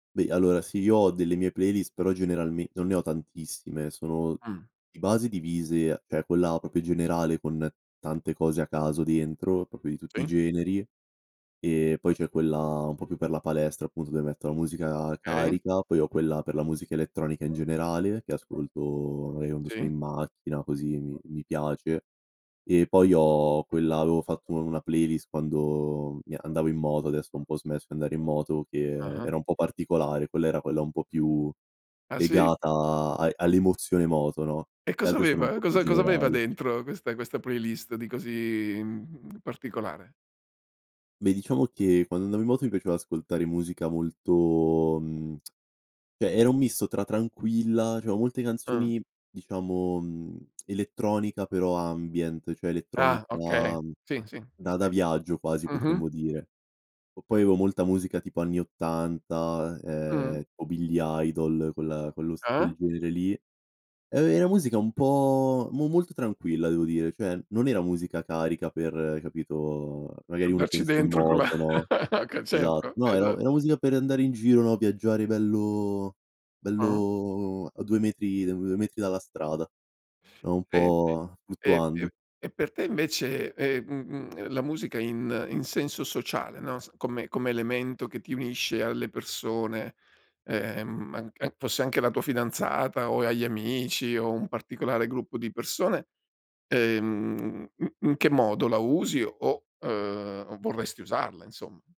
Beh, allora sì, io ho delle mie playlist, però generalme non ne ho tantissime. Sono Mh. di base divise, cioè quella proprio generale con tante cose a caso dentro, proprio di tutti i Sì. generi. E poi c'è quella un po' più per la palestra appunto dove metto la musica Okay. carica, poi ho quella per la musica elettronica in generale che ascolto magari quando sono Sì. in macchina così mi mi piace. E poi ho quella avevo fatto u una playlist quando mi andavo in moto, adesso ho un po' smesso di andare in moto che Ah-ah. era un po' particolare. Quella era quella un po' più Ah, sì? legata a all'emozione moto, no, E le cosa altre sono un aveva? po' più Cosa cosa aveva generali. dentro questa questa playlist di così, mhmm, particolare? Beh, diciamo che quando andavo in moto mi piaceva ascoltare musica molto, mhmm, cioè era un misto tra tranquilla, diciamo molte Ah. canzoni diciamo, mhmm, elettronica però ambient cioè Ah, elettronica ok, sì, sì, sì, da da sì. viaggio quasi Mh-mh. potremmo dire. O poi avevo molta musica tipo anni 80 Mh. eh, o Billy Idol, quella quello s Ah-ah. quel genere lì. Eh, è una musica un po' mo molto tranquilla devo dire, cioè non era musica carica per, capito, magari uno Andarci pensa in dentro con la moto, no, ho ca esatto. certo, No, era esatto. era musica per andare in giro, no? Viaggiare bello Ah-ah. bello a 2 metri a 2 metri dalla strada, no, un E di po' e fluttuando. e e per te invece, e mhmm, mhmm, la musica in in senso sociale, no, s come come elemento che ti unisce alle persone, ehm, ma anc an fosse anche la tua fidanzata, o agli amici, o un particolare gruppo di persone, ehm, mhmm, in che modo la usi, o uhm, o vorresti usarla insomma?